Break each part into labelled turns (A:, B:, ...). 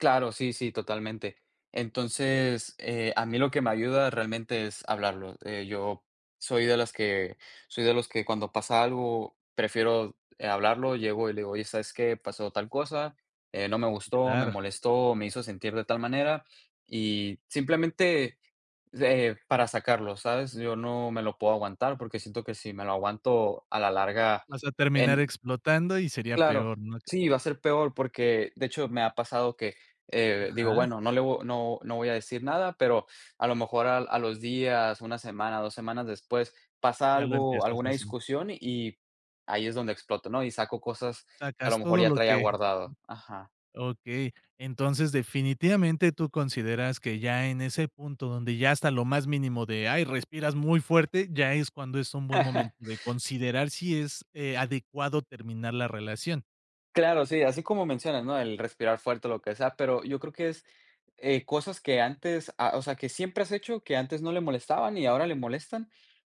A: Claro, sí, sí, totalmente. Entonces, eh, a mí lo que me ayuda realmente es hablarlo. Eh, yo soy de las que soy de los que cuando pasa algo prefiero, eh, hablarlo, llego y le digo: "Oye, ¿sabes qué? Pasó tal cosa, eh, no me gustó, me
B: Claro.
A: molestó, me hizo sentir de tal manera". Y simplemente, eh, para sacarlo, ¿sabes? Yo no me lo puedo aguantar, porque siento que si me lo aguanto a la larga
B: Vas a terminar
A: en
B: explotando y sería
A: Claro,
B: peor, no te
A: sí, va a ser peor, porque de hecho me ha pasado que, eh, digo:
B: Ajá.
A: "Bueno, no le vo no no voy a decir nada", pero a lo mejor a a los días, una semana, 2 semanas después, pasa
B: Ya lo
A: algo,
B: empiezas
A: alguna
B: a sentir.
A: discusión y ahí es donde exploto, ¿no? Y saco cosas que a lo
B: Sacas
A: mejor
B: todo
A: ya
B: lo
A: traía
B: que
A: guardado. Ajá.
B: Okey, entonces definitivamente tú consideras que ya en ese punto donde ya hasta lo más mínimo de ay, respiras muy fuerte, ya es cuando es un buen momento de considerar si es, eh, adecuado terminar la relación.
A: Claro, sí, así como mencionas, ¿no? El respirar fuerte o lo que sea, pero yo creo que es, eh, cosas que antes ah, o sea, que siempre has hecho, que antes no le molestaban y ahora le molestan.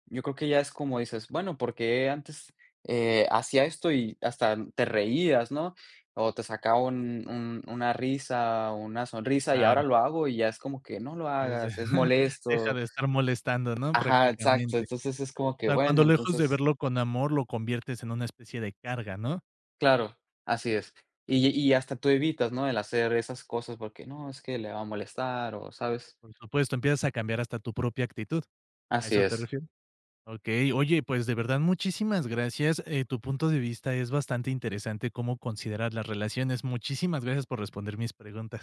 A: Yo creo que ya es como dices: bueno, ¿por qué antes, eh, hacía esto y hasta te reías, no? O te sacaba un un una risa una sonrisa y
B: Claro.
A: ahora lo hago y ya es como que: "No lo
B: Ya sé.
A: hagas, es
B: Deja
A: molesto".
B: de estar molestando, ¿no?
A: Ajá, exacto.
B: Prácticamente.
A: Entonces, es como
B: O
A: que
B: sea, cuando
A: bueno,
B: lejos de
A: entonces
B: verlo con amor, lo conviertes en una especie de carga, ¿no?
A: Claro, así es. Y y hasta tú evitas, ¿no? El hacer esas cosas porque no es que le va a molestar o sabes.
B: Por supuesto, empiezas a cambiar hasta tu propia actitud. A
A: Así
B: eso te
A: es.
B: refieres. Okey, oye, pues de verdad muchísimas gracias, eh, tu punto de vista es bastante interesante cómo considerar las relaciones. Muchísimas gracias por responder mis preguntas.